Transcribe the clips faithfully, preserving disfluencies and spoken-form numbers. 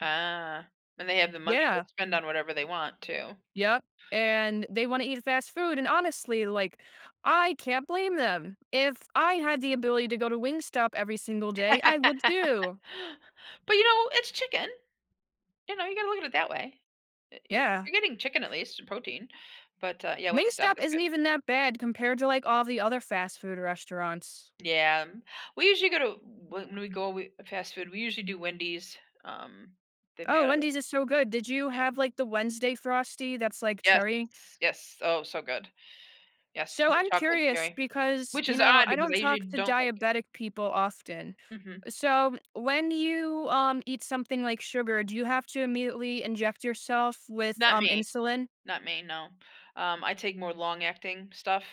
Ah. And they have the money to Yeah. spend on whatever they want, too. Yep. And, they wanna eat fast food and honestly, like, I can't blame them. If I had the ability to go to Wingstop every single day, I would too. But, you know, it's chicken. You know, you gotta look at it that way. Eh u Yeah. You're getting chicken, at least, protein. But, uh, yeah, Wingstop Wingstop is isn't good. even that bad compared to, like, all the other fast food restaurants. Yeah, we usually go to w when we go we fast food, we usually do Wendy's. Um, they've Oh, got Wendy's is so good, did you have, Yeah. like, the Wednesday Frosty that's like Yes, cherry? yes. Oh, so good. Yes, So the I'm chocolate curious cherry. because, Which you is know, odd I because don't I usually talk to don't like it. diabetic people often. Mhm. Uh, so, when you, um, eat something like sugar, do you have to immediately inject yourself with, Not um, me. insulin? Not me, no, um, I take more long-acting stuff,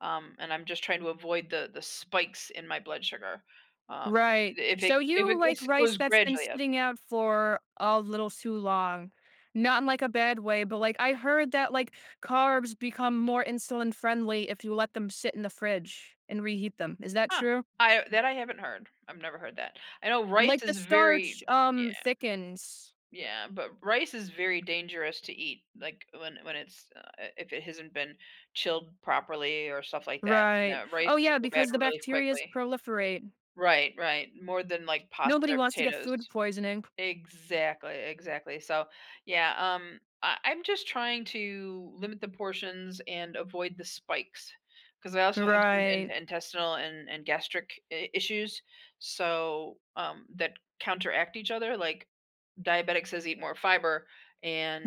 um, and I'm just trying to avoid the the spikes in my blood sugar. Um, Right. if it So if you it like if it rice goes that's been gradually up. sitting out for a little too long. Not in, like, a bad way, but, like, I heard that, like, carbs become more insulin-friendly if you let them sit in the fridge and reheat them. Is that Huh, true? I that I haven't heard. I've never heard of that. I know rice Like, the is starch, very yeah. um, thickens. Yeah, but rice is very dangerous to eat, like, when when it's uh, if it hasn't been chilled properly or stuff like that, Right. no, rice Oh can yeah, go bad because the really bacterias quickly. proliferate. Right, right, more than, like, pasta Nobody or wants to get potatoes. food poisoning. Exactly, exactly, so, yeah, um, I I'm just trying to limit the portions and avoid the spikes, 'cause I also have some Right. in intestinal and and gastric i issues, so, um, that counteract each other like, diabetics says eat more fiber, and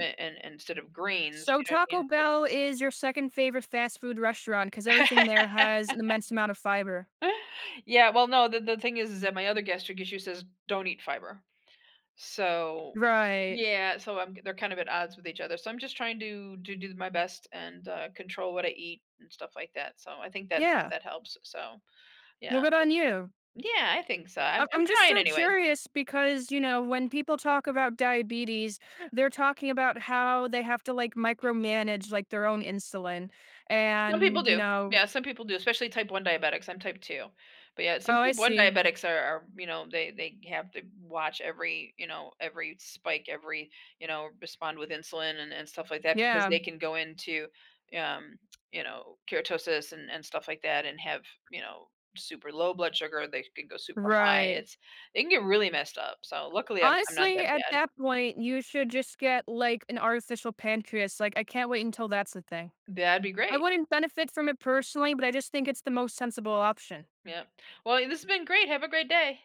a and and instead of greens, So you know what I Taco mean? Bell is your second favorite fast food restaurant 'cause everything there has an immense amount of fiber. Yeah, well, no, the the the thing is that my other gastric issue says, "Don't eat fiber." So, Right. yeah. So I'm they're kind of at odds with each other, so I'm just trying to to do my best and, uh, control what I eat and stuff like that, so I think that Yeah. that helps, so No, yeah. good on you. Yeah, I think so, I'm I I'm I'm just trying so anyways. curious because, you know, when people talk about diabetes, they're talking about how they have to, like, micromanage, like, their own insulin Some people and you do. know Yeah, some people do, especially Type one diabetics, I'm Type two. But yeah, some Oh, I Type one see. diabetics are are, you know, they they have to b watch every, you know, every spike, every you know, respond with insulin and and stuff like that because Yeah. they can go into, um, you know, keratosis and and stuff like that and have, you know, super low blood sugar, they can go super high, Right. it's it can get really messed up, so luckily I'm I'm not Honestly, that at bad. that point, you should just get, like, an artificial pancreas, like, I can't wait until that's the thing. That'd be I great. wouldn't benefit from it personally, but I just think it's the most sensible option. Yep. Well, it this been great, have a great day.